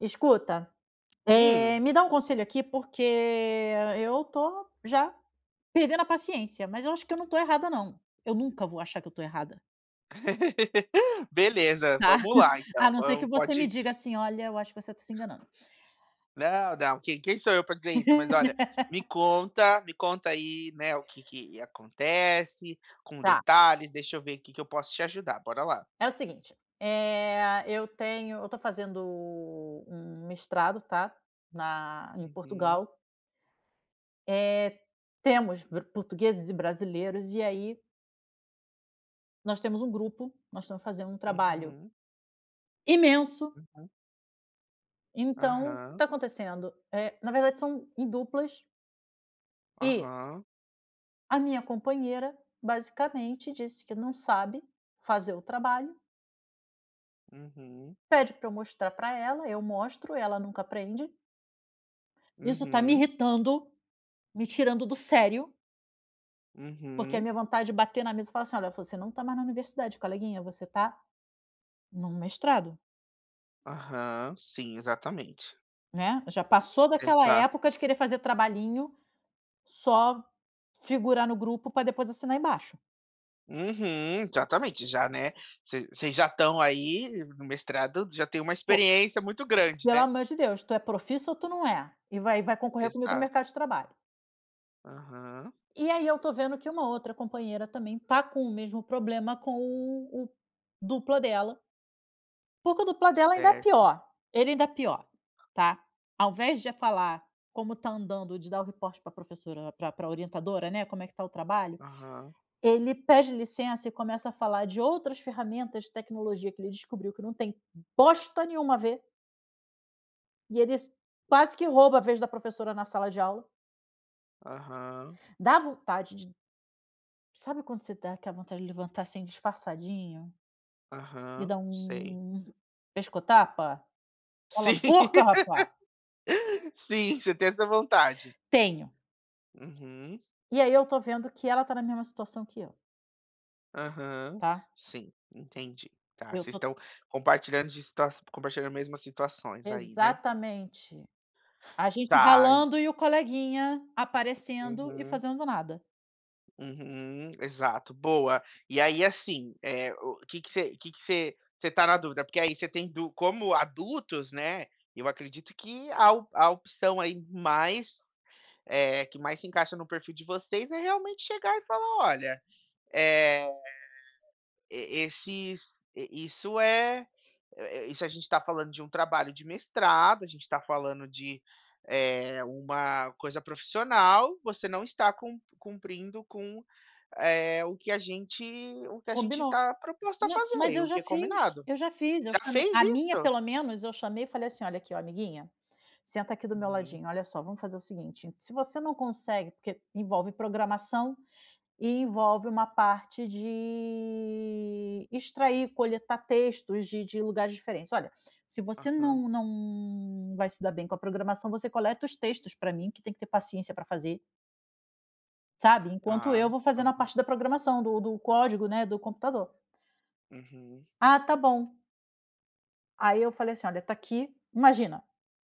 Escuta, eh, Hum. me dá um conselho aqui, porque eu tô já perdendo a paciência. Mas eu acho que eu não tô errada não. Eu nunca vou achar que eu tô errada. Beleza, Tá, vamos lá a então! não ser que Vamo você me pode diga assim: "Olha, eu acho que você tá se enganando." Não, não, quem quem sou eu pra dizer isso? Mas olha, me conta me conta aí, né, o que que acontece, com Tá. detalhes, deixa eu ver que que eu posso te ajudar, bora lá. É o seguinte: eh, eu tenho Eu tô fazendo um mestrado, tá. Na em Uhum. Portugal. Eh, temos bro portugueses e brasileiros e aí Nós temos um grupo, nós estamos fazendo um trabalho Uhum. imenso. Uhum. Então, que Aham. tá acontecendo, eh, na verdade são em duplas. E Aham. A minha companheira basicamente disse que não sabe fazer o trabalho. Uhum. Pede pra eu mostrar pra ela, eu mostro, ela nunca aprende. Isso tá me Uhum. irritando. Me tirando do sério. Porque a Uhum. minha vontade de bater na mesa e falar assim: "Olha, você não tá mais na universidade coleguinha você tá, num mestrado." Aham, sim, exatamente. Né! Já passou daquela Exato! época de querer fazer trabalhinho, só figurar no grupo para depois assinar embaixo. Uhum! Exatamente, já né, vocês vocês já estão aí no no mestrado, já tem uma Po experiência muito e grande, pelo né. amor de Deus. "Tu é profissa ou tu não é?" E vai vai concorrer comigo no Exato. mercado de trabalho. Aham. E aí eu estou vendo que uma outra companheira também está com o mesmo problema com o o o dupla dela. O dupla dela ainda é Certo. pior, ele ainda é pior, tá! Ao invés de falar como está andando, e de dar o report pra professora, né, pra pra orientadora, né, como é que tá o trabalho. Aham. Ele pede licença e começa a falar de outras ferramentas de tecnologia que ele descobriu que não tem bosta nenhuma a ver e eles quase que rouba a vez da professora na sala de aula. Aham. Dá vontade de Sabe quando você dá aquela vontade de levantar, assim, disfarçadinho? E Aham, dá sei. um um pescotapa? Cola Sim, boca rapa! sim, você tem essa vontade? Tenho. Uhum. E aí eu estou vendo que ela está na mesma situação que eu. Aham, Tá? sim, entendi. Tá! Eu Vocês tô estão compartilhando distas compartilhando a mesmas situações aí, né? Exatamente! A gente Tá. En ralando, e o coleguinha aparecendo e Uhum. fazendo nada. Uhum. Exato! Boa. E aí assim, eh, o que se que se você tá na dúvida? Porque aí você tem du como adultos, né. Eu acredito que a a a opção aí mais, eh, que mais, se encaixa no perfil de vocês é realmente chegar e falar: "Olha, eh, e esses i isso é é é isso a gente tá falando de um trabalho de mestrado, a gente está falando de, eh, uma coisa profissional, você não está cump cumprindo com, eh, o que a gente o que a gente Combino, tá proposto a mai fazer, mais e eu o já que fiz! combinado." Eu já fiz, eu Já chamei fez A minha isso? pelo menos eu chamei e falei assim: "Olha aqui, ó, amiguinha, senta aqui do meu Hum. ladinho, olha só vamos fazer o seguinte, se você não consegue" porque envolve programação e envolve uma parte de extrair, coletar textos de de de lugares diferentes, "olha, se você Aham. não não vai se dar bem com a programação você coleta os textos pra mim, que tem que ter paciência pra fazer." Sabe? Enquanto eu Tá. vou fazendo a Aham. parte da programação, do do código, né, do computador. Uhum. Ah, tá bom! Aí eu falei assim: "Olha tá aqui, imagina,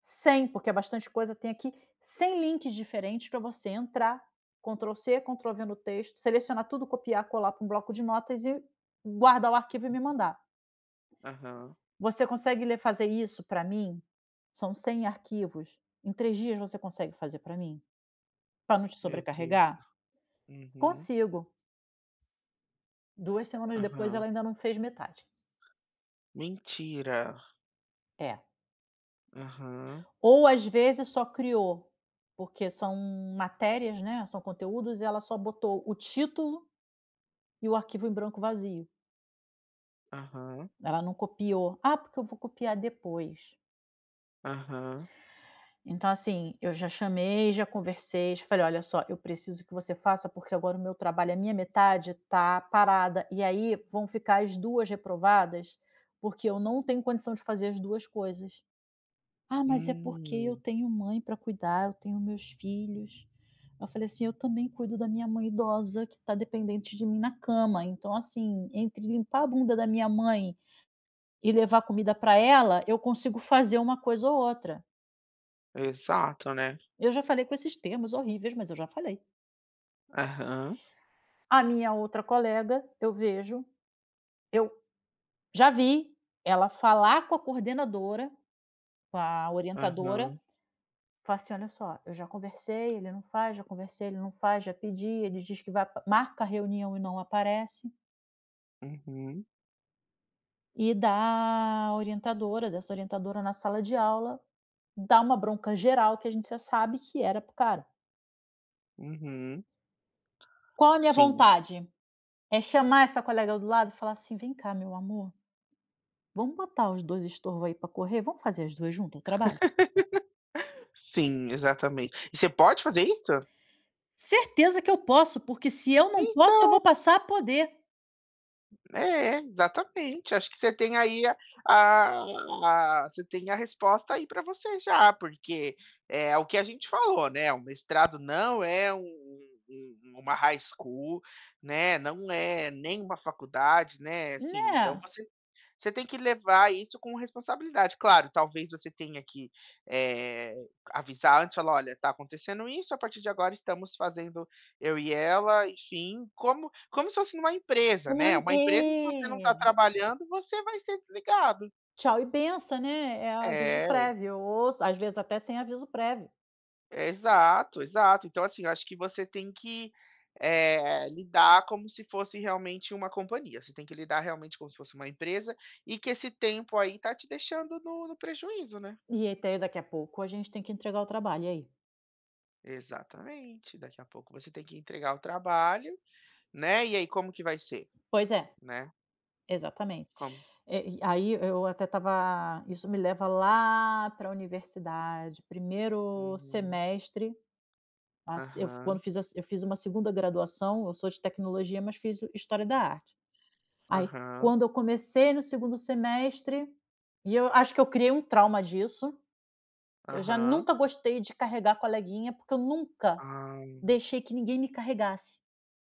100, porque é bastante coisa tem aqui. 100 links diferentes pra você entrar, control c, control v, no texto. Selecionar tudo, copiar, colar para um bloco de notas e guardar o arquivo e me mandar." Aham. Você consegue ler fazer isso pra mim? São 100 arquivos? Em 3 dias você consegue fazer pra mim? Pra não te Meu Deus do sobrecarregar? céu. Uhum. "Consigo." Duas semanas depois, Aham. ela ainda não fez metade. Mentira. É. Aham. Ou às vezes só criou, porque são matérias, né, são conteúdos e ela só botou o título, e o arquivo em branco vazio. Aham. Ela não copiou, "ah, porque eu vou copiar depois." Aham. Então assim, eu já chamei, já conversei, já falei: "Olha só eu preciso que você faça, porque agora o meu trabalho, a minha metade tá parada, e aí vão ficar as 2 reprovadas porque eu não tenho condição de fazer as 2 coisas." "Ah, mas é porque eu Hum. tenho mãe pra cuidar, eu tenho meus filhos" eu falei assim: "Eu também cuido da minha mãe idosa que tá dependente de mim na cama, então assim entre limpar a bunda da minha mãe e levar comida pra ela eu consigo fazer uma coisa ou outra." Exato, né? Eu já falei com esses termos horríveis, mas eu já falei. Aham. A minha outra colega eu vejo eu já vi ela falar com a coordenadora, com a orientadora, Aham. fala assim: "Olha só, eu já conversei, ele não faz, já conversei ele não faz, já pedi ele diz que vai marca a reunião e não aparece." Uhum. E da orientadora dessa orientadora na sala de aula, dar uma bronca geral que a gente já sabe que era para o cara. Uhum. Qual a minha Sim. vontade? É chamar essa colega do lado e falar assim: "Vem cá meu amor. Vamos botar os 2 estorvo aí pra correr? Vamos fazer as duas junta o trabalho?" Sim, exatamente. E você pode fazer isso? Certeza que eu posso, porque se eu não posso, eu Então vou passar a poder! É, exatamente. Acho que você tem aí a a você tem a resposta aí pra você já porque, é o que a gente falou, né, o mestrado não é um um uma high school, né, não é nem uma faculdade, né, assim, então Né? você você tem que levar isso com responsabilidade. Claro, talvez você tenha que, eh, avisar antes e falar: "Olha tá acontecendo isso, a partir de agora estamos fazendo eu e ela," enfim, como como se fosse numa empresa, né. Pois Uma empresa, se você não tá é! trabalhando, você vai ser desligado. Tchau e benção, né, é aviso É. prévio ou às vezes até sem aviso prévio. Exato, exato. Então, assim, eu acho que você tem que, eh, lidar como se fosse realmente uma companhia. Você tem que lidar realmente como se fosse uma empresa e que esse tempo aí tá te deixando no no prejuízo, né? E aí, até daqui a pouco a gente tem que entregar o trabalho e aí? Exatamente. Daqui a pouco você tem que entregar o trabalho, né. E aí como que vai ser, Pois é, né? exatamente, Como é e e aí eu até estava isso me leva lá pra universidade primeiro Uhum. semestre, eu assim quando Aham. fiz a se eu fiz uma segunda graduação eu sou de tecnologia, mas fiz história da arte, aí Aham. quando eu comecei no segundo semestre e eu acho que eu criei um trauma disso, eu já Aham. nunca gostei de carregar coleguinha porque eu nunca Ai. deixei que ninguém me carregasse.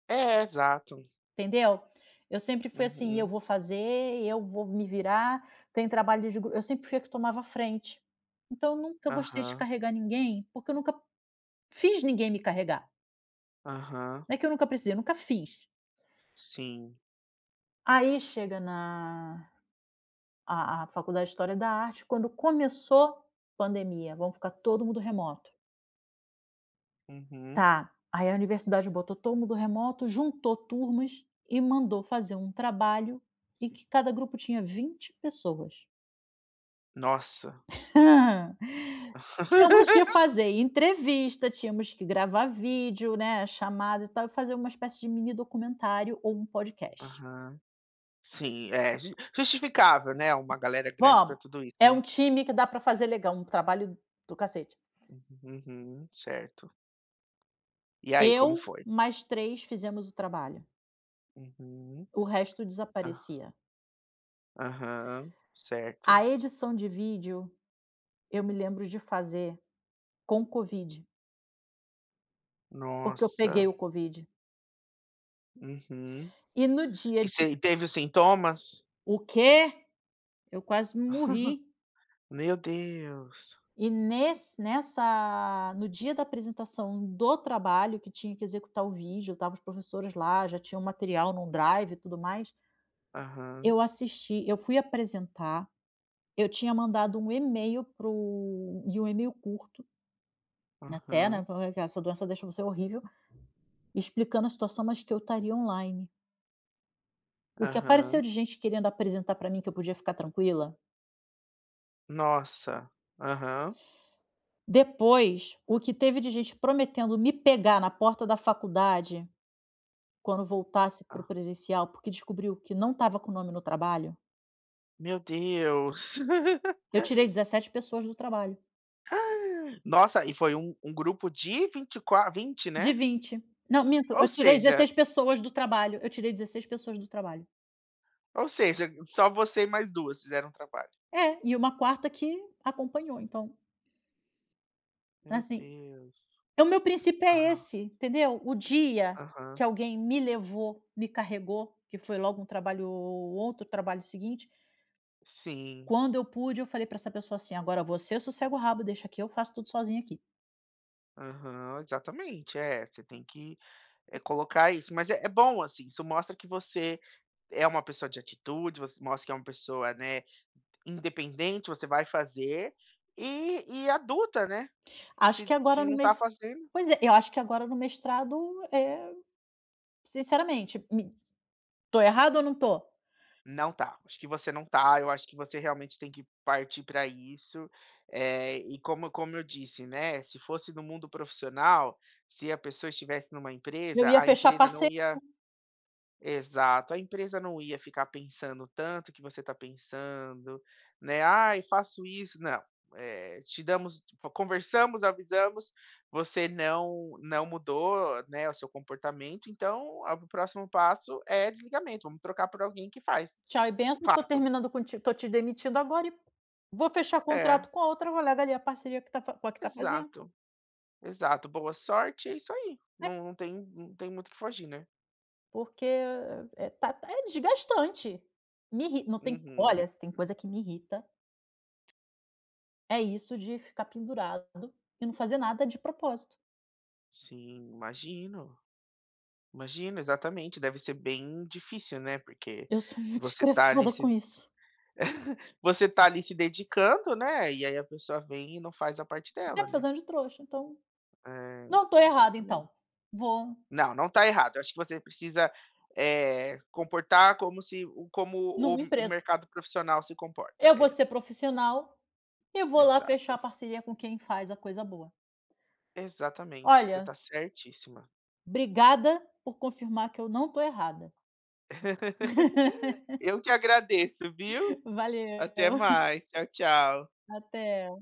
É, exato. Entendeu? Eu sempre fui assim, eu Uhum. vou fazer, e eu vou me virar, tem trabalho de gru eu sempre fui a que tomava a frente, então nunca gostei de Aham. carregar ninguém, porque eu nunca fiz ninguém me carregar. Aham. Não é que eu nunca precisei, eu nunca fiz. Sim. Aí chega na a a faculdade de história da arte quando começou, pandemia vão ficar todo mundo remoto. Uhum. Tá. Aí a universidade botou todo mundo remoto, juntou turmas e mandou fazer um trabalho, e que cada grupo tinha 20 pessoas. Nossa. Tínhamos que fazer entrevista, tínhamos que gravar vídeo, né, chamada, e tal, e fazer uma espécie de mini documentário ou um podcast. Aham, sim, é ju justificável, né, uma galera grande pra Vamo. tudo isso, É né. um time que dá pra fazer legal um trabalho do cacete. Uhum, certo. E aí, como Eu, foi? mais 3 fizemos o trabalho. Uhum. O resto Ah. desaparecia. Aham, A certo. edição de vídeo, eu me lembro de fazer com Covid. Porque eu Nossa. peguei o Covid. Uhum. E no dia E de se teve os sintomas? O quê? Eu quase morri! Meu Deus. E ness nessa No dia da apresentação do trabalho, que tinha que executar o vídeo, estavam os professores lá, já tinham o material num drive, e tudo mais. Aham. Eu assisti Eu fui apresentar, eu tinha mandado email para o e um email curto até, né, Aham. porque essa doença deixou você horrível, explicando a situação, mais que eu estaria online. O que apareceu Aham. de gente querendo apresentar pra mim, que eu podia ficar tranquila. Nossa. Aham. Depois, o que teve de gente prometendo me pegar na porta da faculdade, quando voltasse para o Ah. presencial, porque descobriu que não estava com nome no trabalho. Meu Deus. Eu tirei 17 pessoas do trabalho. Nossa, e foi um um grupo de 24, 20, De né? 20. Não, minto, Ou eu tirei seja 16 pessoas do trabalho, eu tirei 16 pessoas do trabalho. Ou seja, só você e mais duas fizeram trabalho. É, e uma quarta que acompanhou, então Meu Assim Deus. é o meu princípio é Aham. esse, entendeu? O dia Aham. que alguém me levou, me carregou que foi logo um trabalho o o outro trabalho seguinte. Sim. Quando eu pude eu falei pra essa pessoa assim: "Agora você sossega o rabo deixa aqui eu faço tudo sozinha aqui". Aham, exatamente, é você tem que, eh, colocar isso mas é é bom assim isso mostra que você é uma pessoa de atitude, você mostra que é uma pessoa, né, independente você vai fazer e e adulta, né, Acho se que agora se no não mes tá fazendo pois é, eu acho que agora no mestrado é sinceramente me tô errada ou não tô? Não tá, acho que você não tá. Eu acho que você realmente tem que partir pra isso, eh, e como como eu disse, né, se fosse no mundo profissional, se a pessoa estivesse numa Eu empresa ia a fechar empresa não parceria. ia exato a empresa não ia ficar pensando tanto que você tá pensando, né: "Ai faço isso" não, eh, te damos conversamos, avisamos você não não mudou, né, o seu comportamento então, o próximo passo é desligamento vamos trocar por alguém que faz. Tchau e benção eu tô Fato. terminando contig tô te demitido agora e vou fechar É. contrato com a outra colega ali a parceria que com a que tá fazendo. Exato, exato boa sorte. É isso aí, É. não não tem não tem muito o que fugir, né. Porque, eh eh, tá é desgastante me irri não tem Uhum. olha se tem coisa que me irrita é isso de ficar pendurado e não fazer nada de propósito. Sim imagino, imagino, exatamente, deve ser bem difícil, né. Porque Eu sou muito você tá ali estressada com se isso. você tá ali se dedicando, né, e aí a pessoa vem e não faz a parte Tá dela, me né. fazendo de trouxa então, É não tô errada exatamente. então, vou Não, não tá errada. Acho que você precisa, eh, comportar como se como o Numa o empresa. mercado profissional se comporta Eu vou é. ser profissional e vou lá fechar a Exato. parceria com quem faz a coisa boa. Exatamente, você tá Olha certíssima. obrigada por confirmar que eu não tô errada. Eu que agradeço, viu. Até Valeu. mais, tchau tchau. Até.